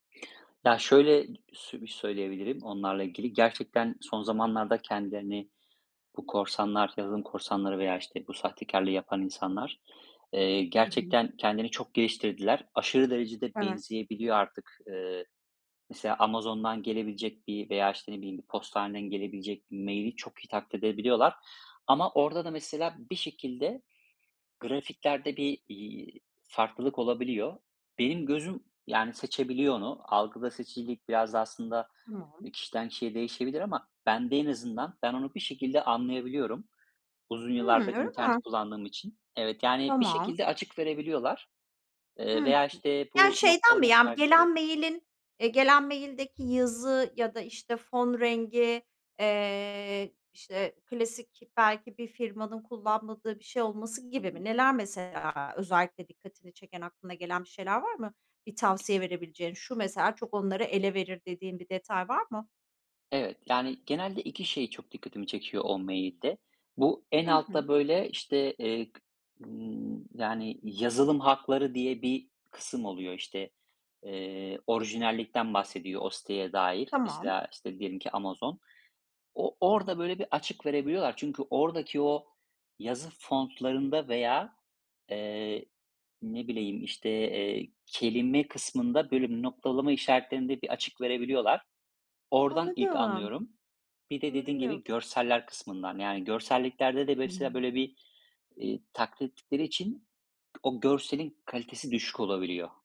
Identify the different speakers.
Speaker 1: Ya şöyle [unintelligible] sü bir söyleyebilirim onlarla ilgili, gerçekten son zamanlarda kendilerini bu korsanlar, yazılım korsanları veya işte bu sahtekârlığı yapan insanlar, ııı,
Speaker 2: Hı hı.
Speaker 1: gerçekten kendini çok geliştirdiler. Aşırı derecede
Speaker 2: Evet.
Speaker 1: benzeyebiliyor artık. Iıı, mesela Amazon'dan gelebilecek bir veya işte ne bileyim bir postaneden gelebilecek mail'i çok iyi taklit edebiliyorlar, ama orada da mesela bir şekilde grafiklerde bir, iii, farklılık olabiliyor. Benim gözüm yani seçebiliyor onu. Algıda seçicilik biraz da aslında e,
Speaker 2: Tamam.
Speaker 1: kişiden kişiye değişebilir ama bende en azından ben onu bir şekilde anlayabiliyorum uzun
Speaker 2: Hımm,
Speaker 1: yıllardır
Speaker 2: öyle
Speaker 1: internet
Speaker 2: mi?
Speaker 1: kullandığım için. Evet, yani bir
Speaker 2: Tamam.
Speaker 1: şekilde açık verebiliyorlar
Speaker 2: Hı
Speaker 1: ııı
Speaker 2: hı.
Speaker 1: veya işte
Speaker 2: Ya
Speaker 1: bu
Speaker 2: şeyden mi?
Speaker 1: noktalama
Speaker 2: Yani bir
Speaker 1: işaretleri.
Speaker 2: gelen mail'in, eee, gelen mail'deki yazı ya da işte fon rengi, eee, işte klasik belki bir firmanın kullanmadığı bir şey olması
Speaker 1: Hı
Speaker 2: gibi mi?
Speaker 1: hı.
Speaker 2: Neler mesela özellikle dikkatini çeken, aklına gelen bir şeyler var mı? Bir tavsiye verebileceğin "Şu mesela çok onları ele verir." dediğin bir detay var mı?
Speaker 1: Evet, yani genelde 2 şey çok dikkatimi çekiyor o mail'de. Bu en
Speaker 2: Hı hı.
Speaker 1: altta böyle işte, eee, ımm, yani yazılım hakları diye bir kısım oluyor işte. Eee, orijinallikten bahsediyor o siteye dair,
Speaker 2: Tamam.
Speaker 1: mesela işte diyelim ki Amazon. O orada böyle bir açık verebiliyorlar çünkü oradaki o yazı fontlarında veya, ııı, ne bileyim işte, eee, kelime kısmında bölüm noktalama işaretlerinde bir açık verebiliyorlar. Oradan ilk
Speaker 2: Anladım.
Speaker 1: anlıyorum. Bir de
Speaker 2: Bunu
Speaker 1: dediğim gibi
Speaker 2: bilmiyordum.
Speaker 1: görseller kısmından yani görselliklerde de mesela
Speaker 2: Hıı.
Speaker 1: böyle bir, iii, taklitleri için o görselin kalitesi düşük olabiliyor.